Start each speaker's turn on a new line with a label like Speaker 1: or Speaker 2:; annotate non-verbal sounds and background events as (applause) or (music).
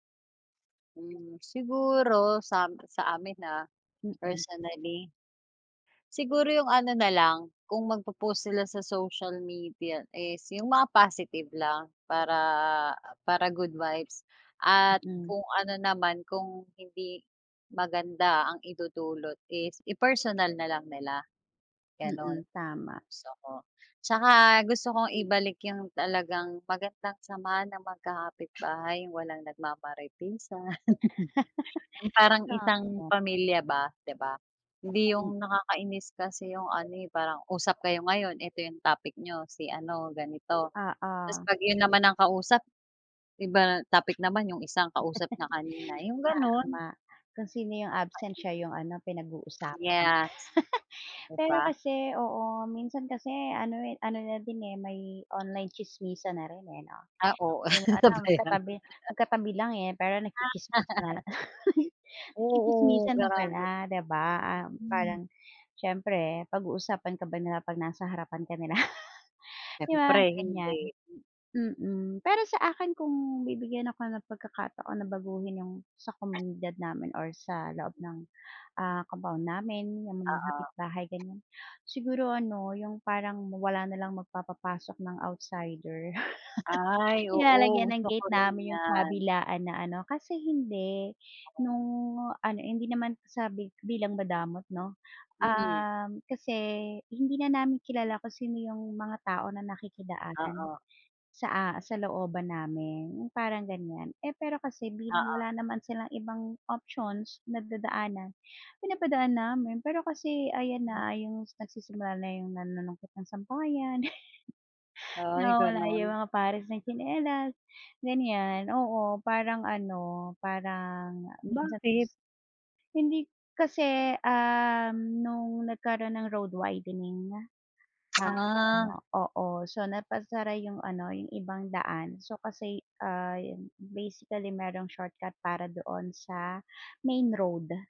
Speaker 1: Hmm, siguro sam sa amin, ah,
Speaker 2: Mm.
Speaker 1: personally. Siguro 'yung ano na lang, kung magpo-post sila sa social media is 'yung mga positive lang para, ah, para good vibes at
Speaker 2: Mm.
Speaker 1: kung ano naman kung hindi maganda ang idudulot is i-personal na lang nila, gano'n,
Speaker 2: Mm, tama.
Speaker 1: gusto ko. Tsaka gusto kong ibalik 'yung talagang magandang samahan ng magkakapitbahay, walang nagma-maritesan. (laughs) 'Yung
Speaker 2: (laughs)
Speaker 1: parang
Speaker 2: Tama.
Speaker 1: isang pamilya ba, 'di ba? Hindi
Speaker 2: Mm.
Speaker 1: 'yung nakakainis kasi 'yung ano, eh, parang usap kayo ngayon, ito 'yung topic niyo, si ano ganito, tas
Speaker 2: Oo.
Speaker 1: pag 'yun naman ang kausap, iba topic naman 'yung isang kausap niya kanina, 'yung
Speaker 2: (laughs)
Speaker 1: gano'n.
Speaker 2: Tama. Kung sino 'yung absent siya 'yung ano pinag-uusapan.
Speaker 1: Nakakainis. Yes.
Speaker 2: (laughs)
Speaker 1: 'Di
Speaker 2: Pero
Speaker 1: ba?
Speaker 2: kasi, oo, minsan kasi ano, eh, ano na din, eh, may online tsismisan na rin, eh, 'no?
Speaker 1: Ah oo,
Speaker 2: 'Yung ano
Speaker 1: 'no ba 'yan.
Speaker 2: magkatabi magkatabi lang, eh, pero nagtsitsismisan.
Speaker 1: Ah.
Speaker 2: (laughs)
Speaker 1: Oo,
Speaker 2: Nagtsitsismisan na pala,
Speaker 1: grabe.
Speaker 2: 'di ba, ah,
Speaker 1: Mhm.
Speaker 2: parang, siyempre pag-uusapan ka ba nila, pag nasa harapan ka nila? (laughs) 'Di ba,
Speaker 1: Siyempre
Speaker 2: ganiyan?
Speaker 1: hindi. Hmm.
Speaker 2: Mm. Pero sa akin kung bibigyan ako ng pagkakataon na baguhin 'yung sa komunidad namin or sa loob ng, ah, compound namin, 'yung mga
Speaker 1: Oo.
Speaker 2: kapitbahay ganiyan, siguro ano 'yung parang wala na lang magpapapasok ng outsider.
Speaker 1: Ay,
Speaker 2: (chuckles)
Speaker 1: oo
Speaker 2: Nilalagyan ng
Speaker 1: gusto ko
Speaker 2: gate
Speaker 1: rin
Speaker 2: namin 'yung
Speaker 1: 'yan.
Speaker 2: kabilaan na ano kasi hindi,
Speaker 1: Gusto ko 'yan.
Speaker 2: no'ng ano, hindi naman sabi bilang madamot 'no,
Speaker 1: Mm.
Speaker 2: uhm, kasi hindi na namin kilala kung sino 'yung mga tao na nakikidaan
Speaker 1: Oo.
Speaker 2: sa a sa looban namin, 'yung parang ganiyan. Eh, pero kasi bilang
Speaker 1: Oo.
Speaker 2: wala naman silang ibang options na dadaanan, pinapadaan namin pero kasi ayan
Speaker 1: Hmm.
Speaker 2: na 'yung nagsisimula na 'yung nanunungkit ng sampayan, (laughs)
Speaker 1: Ay
Speaker 2: nawawala 'yung
Speaker 1: gano'n?
Speaker 2: mga pares ng tsinelas, ganiyan. Oo, parang ano, parang minsan
Speaker 1: Bakit?
Speaker 2: Hindi kasi, uhm, no'ng nagkaro'n ng road widening nga,
Speaker 1: (smacks lips)
Speaker 2: ah,
Speaker 1: Ah.
Speaker 2: ano, oo, so napasara 'yung ano 'yung ibang daan so kasi, ah, 'yun, basically merong shortcut para doon sa main road.